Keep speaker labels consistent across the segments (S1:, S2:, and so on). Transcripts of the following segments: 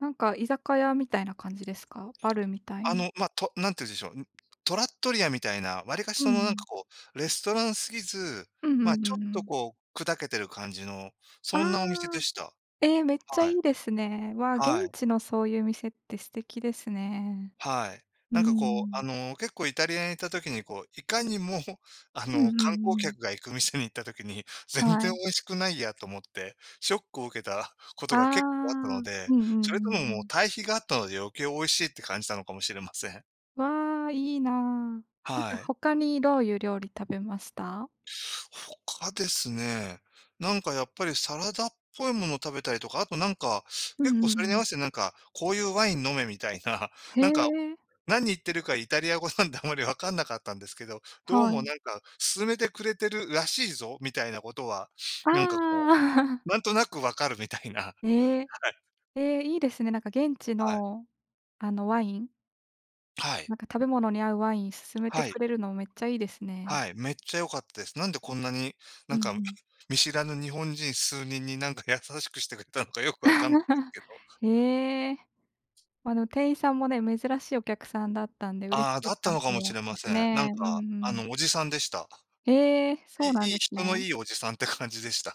S1: なんか居酒屋みたいな感じですか？バルみたい
S2: あ
S1: な。
S2: の、ま、と、何て言うんでしょう、ん、トラットリアみたいな、わりかし
S1: うんう
S2: その、何か
S1: ん。
S2: こう、レストラン過ぎず、
S1: うんうん
S2: ま、
S1: う
S2: ちょ
S1: ん
S2: っ
S1: う
S2: と
S1: ん。
S2: こう、砕けてる感じの、
S1: あ
S2: そんなお店で
S1: あ。
S2: した、
S1: ええ、めっちゃ
S2: は
S1: い
S2: い、
S1: いですね。わあ、現
S2: はい。
S1: 地のそう言う店って素敵ですね。
S2: はい、
S1: うー
S2: 何かこう、あ
S1: ん。
S2: の結構、イタリアに行った時にこう、いかにも、あ
S1: うんう
S2: の
S1: んうんう
S2: 観光
S1: ん。
S2: 客が行く店に行った時に、全
S1: は
S2: 然
S1: い。
S2: 美味しくないやと思って、ショックを受けた事
S1: あ
S2: が、結構あった
S1: あ、
S2: の
S1: うん
S2: で、
S1: うんうんう
S2: それとも、もう
S1: ん。
S2: 対比があったので、余計美味しいって感じたのかもしれません。
S1: わ、いいな。なん
S2: は
S1: か
S2: い。
S1: 他にどう言う料理食べました？
S2: 他ですね、何かやっぱり、サラダっぽい物を、食べたりとか、後、何か
S1: う
S2: 結構、
S1: んう
S2: そ
S1: ん
S2: れ
S1: う
S2: に合わ
S1: ん。
S2: せて、何かこう言うワイン飲めみたいな、
S1: へ
S2: 何か、
S1: え。
S2: 何言ってるか、イタリア語なんで、あまり分らなかったんですけど、どう
S1: は
S2: も
S1: い。
S2: 何か、勧めてくれてるらしいぞ、みたいな事は、何か
S1: ああ。
S2: こ う、何となく、分かるみたいな、は
S1: ええ。
S2: い。
S1: ええ、いいですね。なんか現地
S2: はい。
S1: の、あのワイン
S2: はい。
S1: なんか食べ物に合うワイン勧めて
S2: はい。
S1: くれるの、めっちゃいいですね。
S2: はい、めっちゃ良かったです、何でこんなに、
S1: う
S2: 何
S1: んう
S2: か、
S1: ん。
S2: 見知らぬ日本人数人に、何か優しくしてくれたのか、良く分からな けど。
S1: へえ。あの、店員さんもね、珍しいお客さんだったんで嬉
S2: あ
S1: し
S2: あ、
S1: か
S2: だった
S1: っ
S2: のかもし
S1: [unintelligible]
S2: れま
S1: で
S2: せ
S1: す
S2: ん、何
S1: ね。う
S2: か、
S1: んう
S2: あ
S1: ん。
S2: の、おじさんでした、
S1: ええ、
S2: い
S1: そうな
S2: い
S1: ん
S2: い
S1: です
S2: 人の
S1: ね。
S2: いいおじさんって感じでした、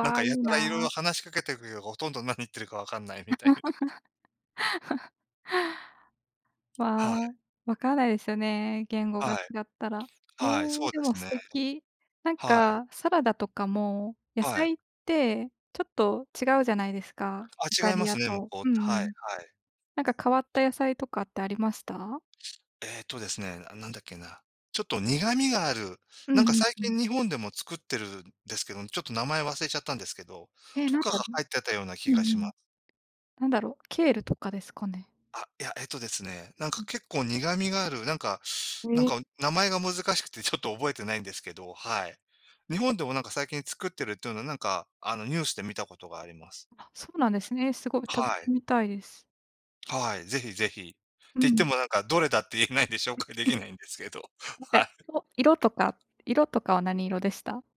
S2: 何か、
S1: いい
S2: やたら色々
S1: な。
S2: 話しかけくよう、殆ど何言ってるか、分からないみたいな。
S1: わ、
S2: はい。
S1: 分かんないですよね、言語が違
S2: はい。
S1: ったら。へえ、
S2: はい、そうで
S1: でも
S2: す
S1: 素
S2: ね、
S1: 敵。なん
S2: はい。
S1: か、サラダとかも、野
S2: はい。
S1: 菜って、ちょっと違うじゃないですか、
S2: あ、
S1: イタ
S2: 違いま
S1: リア
S2: すね、向
S1: と。
S2: こう、
S1: うんう
S2: はい、は
S1: ん。
S2: い。
S1: なんか変わった野菜とかってありました？
S2: えっとですね、何だっけな。ちょっと苦みがある。
S1: うん
S2: なんか
S1: うん
S2: 最
S1: うん。
S2: 近、日本でも作ってるんですけど、ちょっと名前忘れちゃったんですけど、
S1: へえ、
S2: と
S1: 何
S2: かが
S1: だろ。
S2: 入ってたような気
S1: う
S2: が
S1: ん。う
S2: しま
S1: ん。
S2: す。
S1: 何だろう、ケールとかですかね。
S2: あ、いや、えっとですね、なんか
S1: うん。
S2: 結構苦みがある、なんか、
S1: へ
S2: なん
S1: え。
S2: か名前が難しくて、ちょっと覚えてないんですけど、はい。日本でもなんか、最近作ってるって言うのは、なんか、あのニュースで見た事があります。
S1: あ、そうなんですね、凄い、食
S2: は
S1: べ
S2: い。
S1: てみたいです。
S2: はい、是非是非って
S1: う
S2: 言って
S1: ん。
S2: も、なんか、どれだって言えないんで紹介出来ないんですけど、はい。
S1: 色とか-色とかは何色でした？